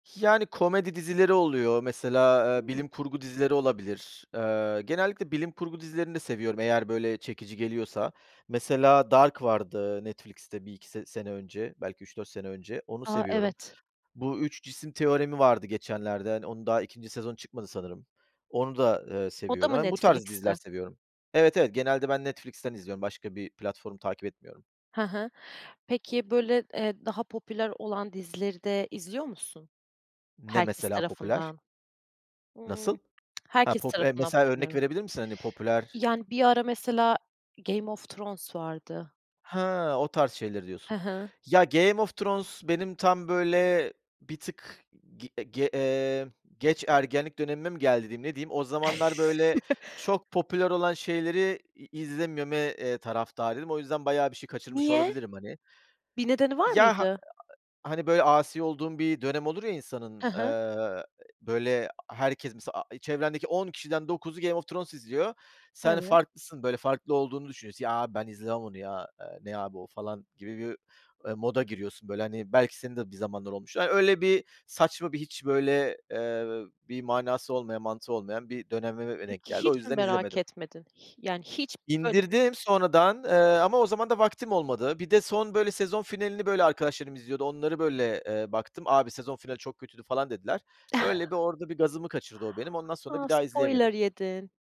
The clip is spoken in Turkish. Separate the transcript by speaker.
Speaker 1: Yani, komedi dizileri oluyor mesela, eee,
Speaker 2: Hımm!
Speaker 1: bilim kurgu dizileri olabilir. Eee, genellikle bilim kurgu dizilerini de seviyorum. Eğer, böyle, çekici geliyorsa mesela Dark vardı, Netflix'te 1-2 se sene önce, belki 3-4 sene önce. Onu
Speaker 2: A,
Speaker 1: seviyorum.
Speaker 2: evet!
Speaker 1: Bu Üç Cisim Teoremi vardı geçenlerde, hani, onu daha 2. sezon çıkmadı sanırım, onu da, eee,
Speaker 2: O da
Speaker 1: seviyorum.
Speaker 2: mı
Speaker 1: Yani bu tarz diziler
Speaker 2: Netflix'te?
Speaker 1: seviyorum. Evet, evet. Genelde ben Netflix'ten izliyorum. Başka bir platform takip etmiyorum.
Speaker 2: He he. Peki, böyle, eee, daha popüler olan dizileri de izliyor musun,
Speaker 1: Ne
Speaker 2: herkes
Speaker 1: mesela popüler?
Speaker 2: tarafından?
Speaker 1: Nasıl?
Speaker 2: Iıı
Speaker 1: He,
Speaker 2: Herkes
Speaker 1: pop eee,
Speaker 2: tarafından
Speaker 1: mesela
Speaker 2: popüler
Speaker 1: örnek
Speaker 2: ol
Speaker 1: verebilir misin? Hani popüler?
Speaker 2: Yani, bir ara mesela Game of Thrones vardı.
Speaker 1: He, o tarz şeyleri
Speaker 2: He
Speaker 1: diyorsun!
Speaker 2: he.
Speaker 1: Ya, Game of Thrones benim tam, böyle, bir tık g ge eee, geç ergenlik dönemime mi, geldi diyeyim? Ne diyeyim? O zamanlar, böyle, çok popüler olan şeyleri i izlememe, eee, taraftarıydım. O yüzden bayağı bir şey kaçırmış
Speaker 2: Niye?
Speaker 1: olabilirim hani?
Speaker 2: Bir nedeni var
Speaker 1: Ya, ha
Speaker 2: mıydı?
Speaker 1: [unintelligible] hani, böyle, asi olduğun bir dönem olur ya insanın,
Speaker 2: He
Speaker 1: eee,
Speaker 2: he.
Speaker 1: e böyle, a herkes mesela, a i çevrendeki 10 kişiden 9'u Game of Thrones izliyor. Sen
Speaker 2: Evet.
Speaker 1: farklısın, böyle, farklı olduğunu düşünüyorsun. "Ya, abi ben izlemem onu ya, eee, ne abi o?" falan gibi bir, ü eee, moda giriyorsun, böyle, hani belki senin de bir zamanlar olmuş. Ay, öyle bir saçma, bir hiç, böyle, eee, bir manası olmayan, mantığı olmayan bir dönemime denk
Speaker 2: Peki
Speaker 1: geldi. O
Speaker 2: hiç mi
Speaker 1: yüzden
Speaker 2: merak
Speaker 1: izlemedim.
Speaker 2: etmedin? Hi yani hiç, böyle bir
Speaker 1: İndirdim sonradan, eee, ama o zaman da vaktim olmadı. Bir de son, böyle, sezon finalini, böyle, arkadaşlarım izliyordu. Onları, böyle, eee, baktım, "Abi, sezon finali çok kötüydü." falan dediler. Öyle bir orada bir gazımı kaçırdı o benim, ondan sonra
Speaker 2: A,
Speaker 1: bir daha izleyemedim.
Speaker 2: spoiler yedin!